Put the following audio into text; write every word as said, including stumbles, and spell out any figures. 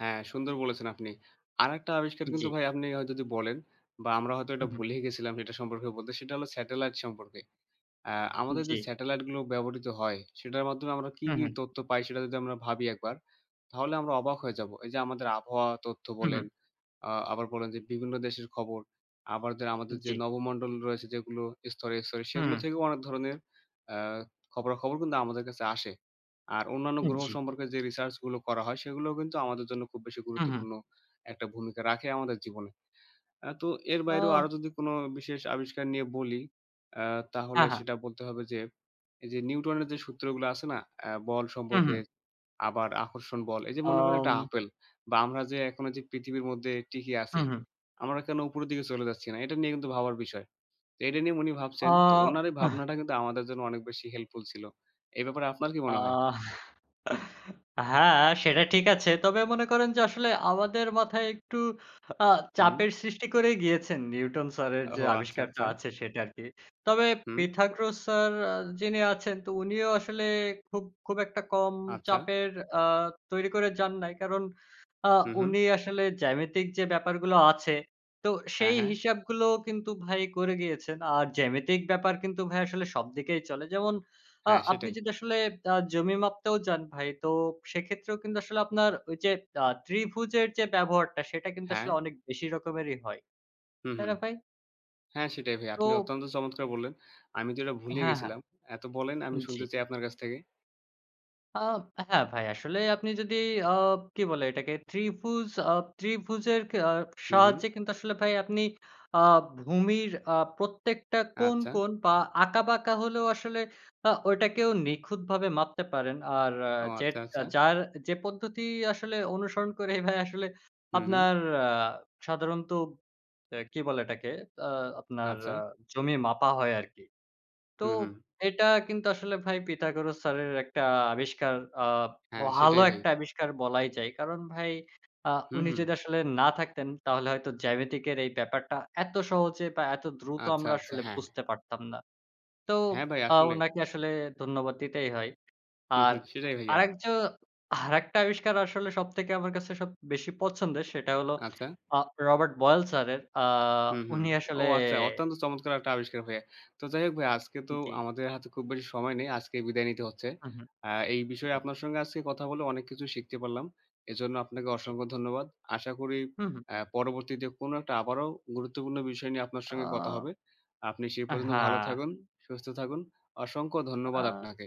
হ্যাঁ, সুন্দর বলেছেন আপনি। আরেকটা আবিষ্কার কিন্তু জি। ভাই আপনি হয়তো যদি বলেন বা আমরা হয়তো এটা হু, হুম। ভুলেই গেছিলাম সেটা সম্পর্কে বলতে, সেটা হলো satellite সম্পর্কে। অ্যা আমাদের যে জি। satellite গুলো ব্যবহৃত হয় সেটার মাধ্যমে আমরা কী, হুম, কী হুম। তথ্য পাই সেটা যদি আমরা ভাবি একবার তাহলে আমরা অবাক হয়ে যাব। এই যে আমাদের আবহাওয়া তথ্য হুম, বলেন, হুম। আ আবার বলেন যে বিভিন্ন দেশের খবর, আবার যে আমাদের যে জি। নবমণ্ডল রয়েছে যেগুলো স্তরে, স্তরে হুম, সেগুলো হুম। থেকেও অনেক ধরনের অ্যা খবরা-খবর কিন্তু আমাদের কাছে আসে। আর অন্যান্য উ গ্রহ জি। সম্পর্কে যে research গুলো করা হয় সেগুলোও কিন্তু আমাদের জন্য খুব বেশি হুম, হুম। গুরুত্বপূর্ণ একটা ভূমিকা রাখে আমাদের জীবনে। অ্যা তো এর বাইরেও আরও অ যদি কোনো বিশেষ আবিষ্কার নিয়ে বলি অ্যা তাহলে আহা! সেটা বলতে হবে যে, এই যে নিউটনের যে সূত্রগুলা আছে না অ্যা বল হুম, সম্পর্কে, হুম। আবার আকর্ষণ বল। এই যে মনে করেন একটা আম apple বা আমরা যে এখন এইযে পৃথিবীর মধ্যে টিকি আছি, হুম, হুম। আমরা কেনো উপরের দিকে চলে যাচ্ছি না? এটা নিয়ে কিন্তু ভাবার বিষয়। তো এটা নিয়ে উনি ভাবছেন। তো অ ওনার এই ভাবনাটা কিন্তু আমাদের জন্য অনেক বেশি helpful ছিল। এ ব্যাপারে আপনার কি আ মনে হয়? হ্যাঁ সেটা ঠিক আছে। তবে মনে করেন যে আসলে আমাদের মাথায় একটু আ হুম। চাপের সৃষ্টি করেই গিয়েছেন নিউটন স্যারের ওহ! যে আচ্ছা, আবিষ্কারটা আচ্ছা। আছে সেটা আরকি। তবে হুম। পিথাগোরাস স্যার আ যিনি আছেন তো উনিও আসলে খুব, খুব একটা কম আচ্ছা। চাপের আ তৈরি করে যান নাই। কারণ আ হুম, হুম। উনি আসলে জ্যামিতিক যে ব্যাপারগুলো আছে তো হ্যাঁ, সেই হ্যাঁ। হিসাবগুলো কিন্তু ভাই করে গিয়েছেন। আর জ্যামিতিক ব্যাপার কিন্তু ভাই আসলে সবদিকেই চলে। যেমন আ হ্যাঁ, আপনি সেটাই। যদি আসলে আ জমি মাপতেও যান ভাই তো সেক্ষেত্রেও কিন্তু আসলে আপনার ওই যে আ ত্রিভুজের যে ব্যবহারটা সেটা কিন্তু আসলে হ্যাঁ। অনেক বেশি রকমেরই হয়। হুম, তাই হুম। না ভাই? হ্যাঁ, সেটাই ভাই। আপনি তো অত্যন্ত চমৎকার বললেন, আমি তো এটা ভুলেই হ্যাঁ, হ্যাঁ। গেছিলাম। এ তো বলেন, আমি জি। শুনতে চাই আপনার কাছ থেকে। আ হ্যাঁ ভাই, আসলে আপনি যদি আ কি বলে এটাকে ত্রিভুজ, আ ত্রিভুজের ক আ হুম, হুম। সাহায্যে কিন্তু আসলে ভাই আপনি আ ভূমির আ প্রত্যেকটা কোন, আচ্ছা। কোন বা আঁকা-বাঁকা হলেও আসলে আ ওইটাকেও নিখুঁতভাবে মাপতে পারেন। আর ও যেট আচ্ছা, আ আচ্ছা। যার যে পদ্ধতি আসলে অনুসরণ করেই ভাই আসলে হুম, হুম। আপনার আ সাধারণত আ কি বলে এটাকে আ আপনার আচ্ছা। জমি মাপা হয় আরকি। তো হু, হুম। এটা কিন্তু আসলে ভাই পিথাগোরাস স্যারের একটা আবিষ্কার, আ হ্যাঁ, ভালো সেটাই ভাই। একটা আবিষ্কার বলাই যায়। কারণ ভাই আ হুম, উনি হুম। যদি আসলে না থাকতেন তাহলে হয়তো জ্যামিতিকের এই ব্যাপারটা এত সহজে বা এত দ্রুত আচ্ছা, আমরা আচ্ছা, আসলে হ্যাঁ। বুঝতে পারতাম না। তো হ্যাঁ, ভাই আ আসলেই। উনাকে আসলে ধন্যবাদ দিতেই হয়। হুম, আর হুম। সেটাই ভাইয়া। আরেক জো আরেকটা আবিষ্কার আসলে সবথেকে আমার কাছে সব বেশি পছন্দের সেটা হলো আচ্ছা। আ রবার্ট বয়েল স্যারের। আ হুম, হুম। উনি ও আসলে আচ্ছা, অত্যন্ত চমৎকার একটা আবিষ্কার ভাইয়া। তো যাই হোক ভাইয়া আজকে তো জি। আমাদের হাতে খুব বেশি সময় নেই, আজকেই বিদায় নিতে হচ্ছে। হুম, হুম। অ্যা এই বিষয়ে জি। আপনার সঙ্গে আজকে কথা বলে অনেক কিছু শিখতে পারলাম। এজন্য আপনাকে জি। অসংখ্য ধন্যবাদ। আশা করি হুম, হুম। অ্যা পরবর্তীতে কোনো একটা আবারও গুরুত্বপূর্ণ বিষয় নিয়ে আপনার সঙ্গে কথা আ হবে। আপনি সে আ পর্যন্ত ভালো হ্যাঁ। থাকুন, সুস্থ থাকুন। অসংখ্য ধন্যবাদ আ আপনাকে।